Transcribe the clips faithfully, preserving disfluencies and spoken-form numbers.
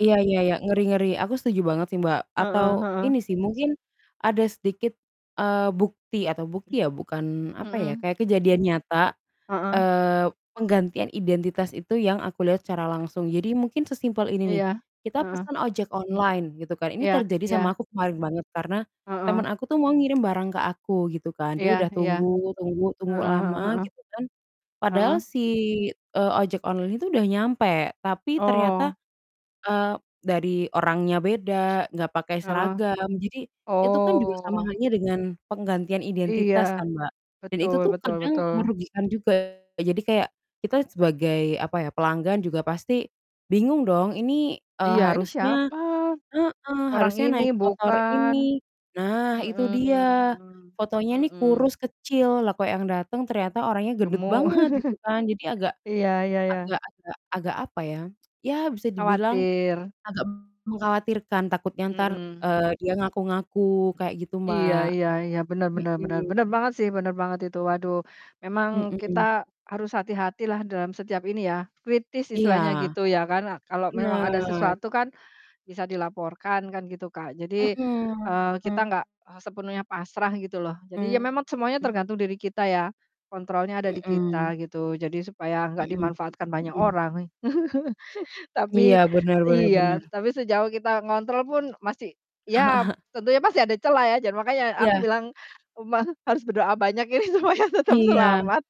Iya iya iya. Ngeri ngeri. Aku setuju M banget sih, Mbak. heeh Atau heeh. ini sih, mungkin ada sedikit, eee, bukti atau bukti ya, bukan apa ya, Mhm. kayak kejadian nyata, Heeh. eee, penggantian identitas itu yang aku lihat secara langsung. Jadi mungkin sesimpel ini nih, Iya, kita heeh. pesan ojek online gitu kan, ini Iya terjadi iya. sama aku kemarin banget karena Heeh. teman aku tuh mau ngirim barang ke aku gitu kan. Dia Iya udah iya. tunggu tunggu tunggu Heeh, e lama heeh. gitu kan. Padahal Heeh. si, eee, ojek online itu udah nyampe, tapi ternyata, Oh. eee, dari orangnya beda, enggak pakai Heeh. seragam. Jadi itu kan juga sama Oh. halnya dengan penggantian Iya, identitas kan, Mbak, dan itu betul tuh betul kadang betul. merugikan juga. Jadi kayak kita sebagai apa ya, pelanggan juga pasti bingung dong ini, eee, Iya, ini harusnya siapa? heeh, Orang harusnya ini naik motor bukan. ini. Nah itu dia, Mhm fotonya mhm, nih mhm. kurus kecil, lah kok yang datang ternyata orangnya gendut Gemuk. banget gitu kan. Jadi agak, Iya iya iya. agak-agak agak apa ya, ya bisa dibilang Khawatir. agak mengkhawatirkan, takutnya entar, Mhm. eee, dia ngaku-ngaku kayak gitu, Iya Mbak. iya iya, benar benar benar, Mhm. benar banget sih, benar banget itu. Waduh, memang kita Mhm. harus hati-hatilah dalam setiap ini ya, kritis Iya. istilahnya gitu ya kan. Kalau memang ada Benar. sesuatu kan bisa dilaporkan kan gitu, Kak. Jadi, eee, kita Mhm. nggak, ah, sepenuhnya pasrah gitu loh. Jadi ya memat semuanya Mhm. tergantung diri kita ya, kontrolnya ada di Mhm. kita gitu, jadi supaya nggak Mhm, dimanfaatkan banyak mhm. orang. Iya, Tapi benar benar iya, benar. tapi sejauh kita ngontrol pun masih ya tentunya masih ada cela ya. Jan makanya aku Iya. bilang, umang harus berdoa banyak ini supaya tetap Iya. selamat.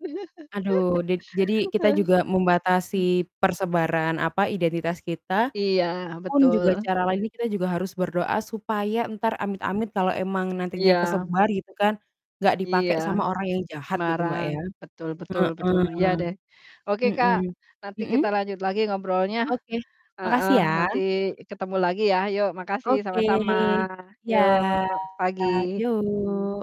Aduh di jadi kita juga membatasi Hmm. persebaran, apa, identitas kita, Iya pun juga betul. cara lain ini kita juga harus berdoa supaya entar amit-amit kalau emang nantinya Iya. kesebar gitu kan, enggak dipakai Iya. sama orang yang jahat gitu, Mbak, Semarang, ya. betul betul betul. Heeh. Iya deh. Oke, Kak, Mhm, nanti mhm? kita lanjut lagi ngobrolnya. Oke, Heeh, makasih ya. nanti ketemu lagi ya. Yuk makasih, Oke, sama-sama. iya. Yuk, pagi. Yuk.